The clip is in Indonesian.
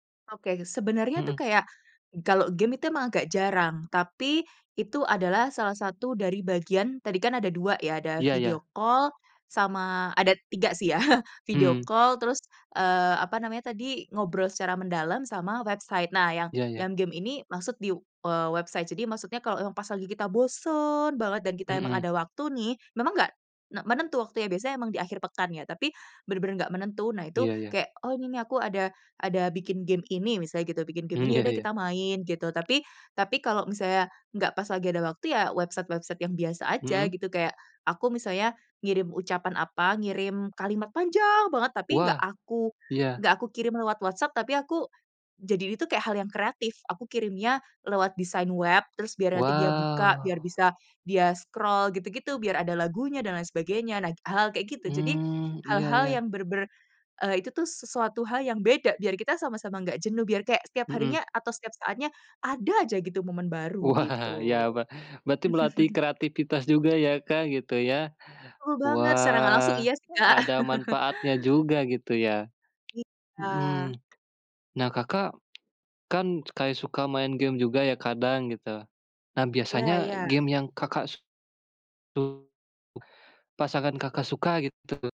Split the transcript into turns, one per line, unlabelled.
Oke, sebenernya tuh
Mhm.
kayak kalau game itu emang agak jarang, tapi itu adalah salah satu dari bagian tadi kan ada 2 ya, ada
Iya
video
iya.
call sama ada 3 sih ya, video
Mmm.
call terus, eee, apa namanya tadi, ngobrol secara mendalam sama website. Nah yang
Iya iya.
yang game ini maksud di, eee, website jadi maksudnya kalau yang pas lagi kita bosen banget dan kita emang
Mhm.
ada waktu nih, memang enggak enggak menentu waktunya biasanya emang di akhir pekan ya, tapi bener-bener nggak menentu. Nah, itu
Iya iya.
kayak, "Oh, ini nih aku ada ada bikin game ini," misalnya gitu, "bikin game
Mmm,
ini ya
ya
udah
ya.
kita main." Gitu, tapi tapi kalau misalnya nggak pas lagi ada waktu ya website-website yang biasa aja
Mmm.
gitu kayak, aku misalnya ngirim ucapan apa, ngirim kalimat panjang banget, tapi nggak
Wah.
aku
Iya.
nggak aku kirim lewat WhatsApp, tapi aku jadi ini tuh kayak hal yang kreatif aku kirimnya lewat design web terus biar nanti dia buka, biar
Wow.
bisa dia scroll, gitu-gitu biar ada lagunya dan lain sebagainya. Nah, hal-hal kayak gitu, jadi
Mmm, iya
hal-hal
iya.
yang bener-bener, eee, itu tuh sesuatu hal yang beda biar kita sama-sama nggak jenuh biar kayak setiap
Mmm.
harinya atau setiap saatnya ada aja gitu momen baru
Wah,
gitu.
iya be berarti melatih kreativitas juga ya, Kak, gitu ya.
Betul banget, secara nggak langsung
Wah,
iya sih, Kak.
ada manfaatnya juga gitu ya.
Iya.
Mhm. Nah, Kakak kan kayak suka main game juga ya kadang gitu, nah
Iya
biasanya
iya.
game yang Kakak su tu pasangan Kakak suka gitu.